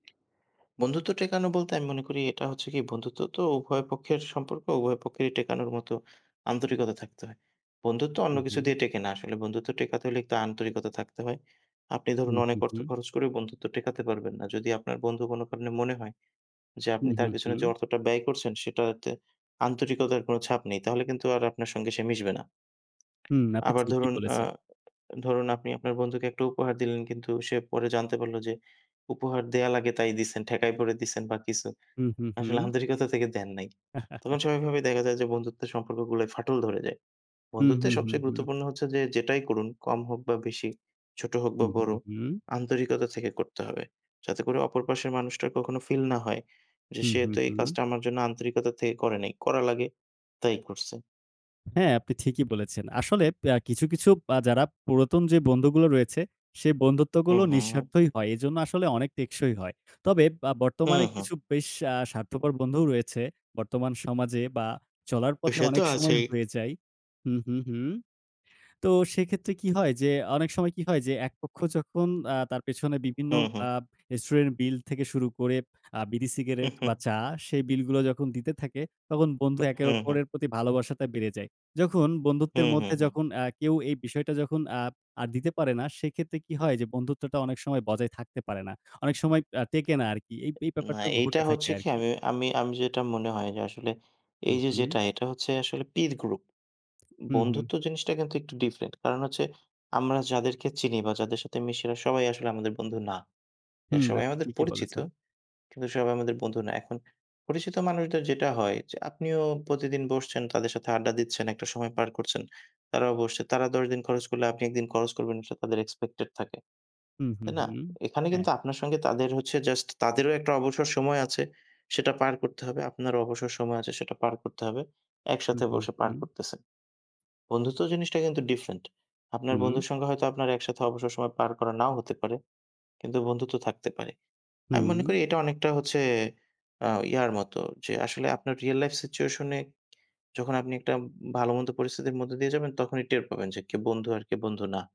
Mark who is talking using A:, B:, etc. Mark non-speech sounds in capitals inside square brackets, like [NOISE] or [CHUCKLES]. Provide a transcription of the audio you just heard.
A: বন্ধুত্ব টেকানো বলতে আমি মনে করি, এটা হচ্ছে কি বন্ধুত্ব তো উভয় পক্ষের সম্পর্ক, উভয় পক্ষেরই টেকানোর মতো আন্তরিকতা থাকতে হয়। বন্ধুত্ব অন্য
B: হুম,
A: কিছু
B: হুম।
A: দিয়ে টেকে না। আসলে বন্ধুত্ব টেকাতে হলে আন্তরিকতা থাকতে হয়। আপনি ধরুন
B: হুম,
A: অনেক
B: হুম,
A: অর্থ
B: হুম।
A: খরচ করেও বন্ধুত্ব টেকাতে পারবেন না। যদি আপনার বন্ধু কোনো কারণে মনে হয় যে আপনি
B: হুম,
A: তার
B: হুম,
A: পিছনে
B: হুম।
A: যে অর্থটা ব্যয় করছেন, সেটাতে আন্তরিকতার কোনো ছাপ নেই। তাহলে কিন্তু আর আপনার সঙ্গে সে মিশবে না।
B: হুম, আপনি
A: আবার
B: ঠিকই
A: ধরুন, আ
B: বলেছেন।
A: ধরুন আপনি আপনার বন্ধুকে একটা উপহার দিলেন। কিন্তু সে পরে জানতে পারল যে উপহার দেয়া লাগে তাই দিছেন, ঠেকায় পড়ে দিছেন বা কিছু।
B: হুম, হুম, হুম।
A: আসলে আন্তরিকতা থেকে দেন নাই। তখন স্বাভাবিকভাবেই
B: [CHUCKLES]
A: দেখা যায় যে বন্ধুত্বের সম্পর্কগুলায় ফাটল ধরে যায়।
B: হুম,
A: বন্ধুত্বের
B: হুম, হুম,
A: সবচেয়ে
B: হুম।
A: গুরুত্বপূর্ণ হচ্ছে যে, যেটাই করুন কম হোক বা বেশি, ছোট হোক বা
B: হুম, হুম,
A: বড়
B: হুম।
A: আন্তরিকতা থেকে করতে হবে। যাতে করে অপর পাশের মানুষটার কখনো ফিল না হয়। যে
B: হুম,
A: সে
B: হুম,
A: তো এই
B: হুম।
A: কাজটা আমার জন্য আন্তরিকতা থেকে করে নাই, করা লাগে তাই করছে।
B: হ্যাঁ, আপনি ঠিকই বলেছেন। আসলে প্যা কিছু কিছু আ যারা পুরাতন যে বন্ধুগুলো রয়েছে, সে
A: হুম,
B: বন্ধুত্বগুলো
A: হুম, হুম।
B: নিঃস্বার্থই হয়। এজন্য আসলে অনেক টেকসই হয়। তবে বা
A: হুম,
B: বর্তমানে
A: হুম।
B: কিছু বেশ আ স্বার্থপর বন্ধুও রয়েছে। বর্তমান সমাজে বা চলার পথে
A: সে তো
B: অনেক সময়
A: আছেই।
B: হয়ে যায়। হুম, হুম, হুম। তো সেক্ষেত্রে কি হয়, যে অনেক সময় কি হয়? যে একপক্ষ যখন আ তার পেছনে বিভিন্ন
A: হু, হু।
B: আ রেস্টুরেন্ট বিল থেকে শুরু করে আ বিড়ি, সিগারেট বা
A: [CHUCKLES]
B: চা সেই বিল গুলো যখন দিতে থাকে। তখন বন্ধু একের
A: হু, হু।
B: ওপরের প্রতি ভালোবাসাটা বেড়ে যায়। যখন
A: হু,
B: বন্ধুত্বের
A: হু,
B: মধ্যে
A: হু।
B: যখন আ কেউ এই বিষয়টা যখন আ আর দিতে পারে না। সেক্ষেত্রে কি হয়? যে বন্ধুত্বটা অনেক সময় বজায় থাকতে পারে না। অনেক আ সময় আর টেকে না আর কি। এই
A: না,
B: ব্যাপারটা
A: এইটা
B: ঘটে থাকে
A: হচ্ছে
B: আর
A: কি
B: কি।
A: আমি আমি আমি যেটা মনে হয় যে আসলে
B: হুম,
A: এইযে
B: হুম।
A: যেটা এটা হচ্ছে আসলে পির গ্রুপ।
B: হুম, হুম।
A: বন্ধুত্ব জিনিসটা কিন্তু একটু ডিফারেন্ট। কারণ হচ্ছে আমরা যাদেরকে চিনি বা যাদের সাথে মিশি এরা সবাই আসলে আমাদের বন্ধু না। এরা
B: হুম,
A: সবাই
B: আপনি
A: আমাদের
B: ঠিকই
A: পরিচিত,
B: বলেছেন।
A: কিন্তু সবাই আমাদের বন্ধু না। এখন পরিচিত মানুষদের যেটা হয়, যে আপনিও প্রতিদিন বসছেন, তাদের সাথে আড্ডা দিচ্ছেন, একটা সময় পার করছেন, তারাও বসছে। তারা ১০ দিন খরচ করলে আপনি একদিন খরচ করবেন সেটা তাদের এক্সপেকটেড থাকে।
B: হুম, হুম,
A: তাই না?
B: হুম।
A: এখানে
B: হ্যাঁ।
A: কিন্তু আপনার সঙ্গে তাদের হচ্ছে জাস্ট তাদেরও একটা অবসর সময় আছে। সেটা পার করতে হবে। আপনারও অবসর সময় আছে সেটা পার করতে হবে। একসাথে
B: হুম, হুম,
A: বসে পার
B: হুম।
A: করতেছেন। বন্ধুত্ব জিনিসটা কিন্তু ডিফরেন্ট। আপনার
B: হুম।
A: বন্ধুর সঙ্গে হয়তো আপনার একসাথে অবসর সময় পার করা নাও হতে পারে, কিন্তু বন্ধুত্ব থাকতে পারে। আমি মনে
B: হুম।
A: করি এটা অনেকটা হচ্ছে আ ইয়ার মতো। যে আসলে আপনার রিয়াল লাইফ সিচুয়েশন এ যখন আপনি একটা ভালো-মন্দ পরিস্থিতির মধ্য দিয়ে যাবেন। তখনই টের পাবেন যে কে বন্ধু আর কে বন্ধু না।